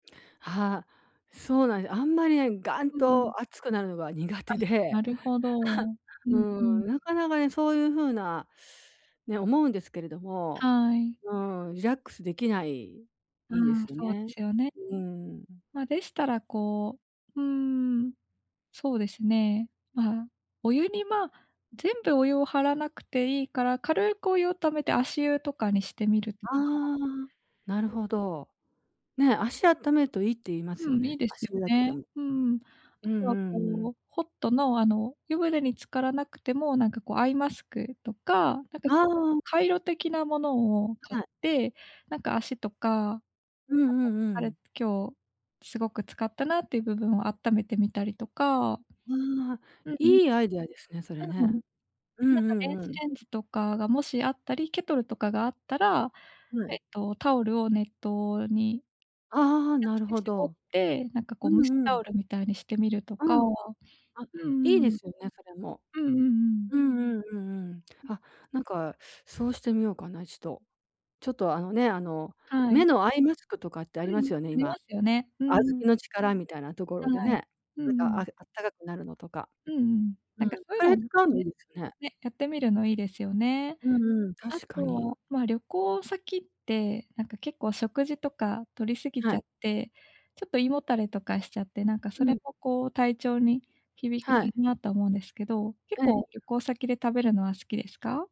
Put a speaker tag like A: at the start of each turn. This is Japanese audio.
A: ああ、そうなんで、あんまりね、ガン
B: ううん。
A: と熱くなるのが苦
B: あ、
A: 手で。
B: なるほど。う
A: う
B: んうん。
A: ん、なかなかね、そういう風なね、思うんですけれども、
B: はい。
A: うーん、リラックスできないい
B: あ
A: いで
B: あ、
A: すよ
B: そうで
A: ね。
B: すよね。
A: うーん。
B: まあ、でしたら、こう、うーん、そうですね。まあ、お湯に、まあ、全部お湯を張らなくていいから、軽くお湯を溜めて足湯とかにしてみると
A: あ
B: か、
A: あ、なる
B: う
A: ほど。ね、足あっためるといいって言います
B: う
A: よ
B: ん、い
A: ね、
B: いですよ
A: 足湯だけで
B: ね、
A: も。
B: うーん。あ
A: うん
B: とは
A: うんう
B: こ
A: ん。
B: う、ホットの、あの、湯船に浸からなくても、なんかこう、アイマスクとか、なんか
A: あ
B: [unintelligible]
A: あ。
B: カイロ的な物を買
A: はい。
B: って、なんか足とか、
A: うん
B: あ
A: う
B: の、
A: んう
B: 疲れ
A: ん。
B: 今日すごく使ったなっていう部分をあっためてみたりとか
A: ああ、
B: うんうん。う
A: いいアイデアですね、それ
B: うん。な
A: ね。
B: ん
A: うん
B: か
A: う
B: 電
A: んう
B: 子
A: ん。
B: レンジとかがもしあったり、ケトルとかがあったら、
A: は
B: え
A: い。
B: っと、タオルを熱湯に
A: ああ、
B: や、
A: な
B: し
A: る
B: て
A: ほ
B: 絞っ
A: ど。
B: て、なんか
A: う
B: こう蒸し
A: んう
B: タ
A: ん。
B: オルみたいにしてみると
A: う
B: か、
A: ん。
B: うん
A: あ、
B: うー
A: いいで
B: ん。
A: すよね、それも。
B: うんうんうん。
A: うんうんうんうん。
B: うん。
A: あ、なんか、そうしてみようかな、一度。ちょっとあのね、あの、
B: は
A: 目
B: い。
A: のアイマスクとかってあり
B: う
A: ま
B: ん、
A: すよね、
B: あり
A: 今。
B: ますよね。う
A: 小
B: ん。
A: 豆の力みたいなところで
B: はい。
A: ね、
B: う
A: なん
B: んう
A: かああ
B: ん。
A: ったかくなるのとか。
B: うんうん。な
A: う
B: ん
A: ん、
B: かそういう
A: こ
B: の
A: れ
B: を、ね、
A: 使うのいいですよね。
B: ね。やってみるのいいですよね。
A: うんうん、
B: あ
A: 確かに。
B: と、ま、旅行先って、なんか、結構食事とかとり過ぎち
A: は
B: ゃ
A: い。
B: って、ちょっと胃もたれとかしちゃって、なんか、
A: う
B: それ
A: ん。
B: もこう、体調に響く、
A: は
B: び
A: い。
B: んやと思うんですけど、結
A: えい。
B: 構旅行先で食べるのは好きですか？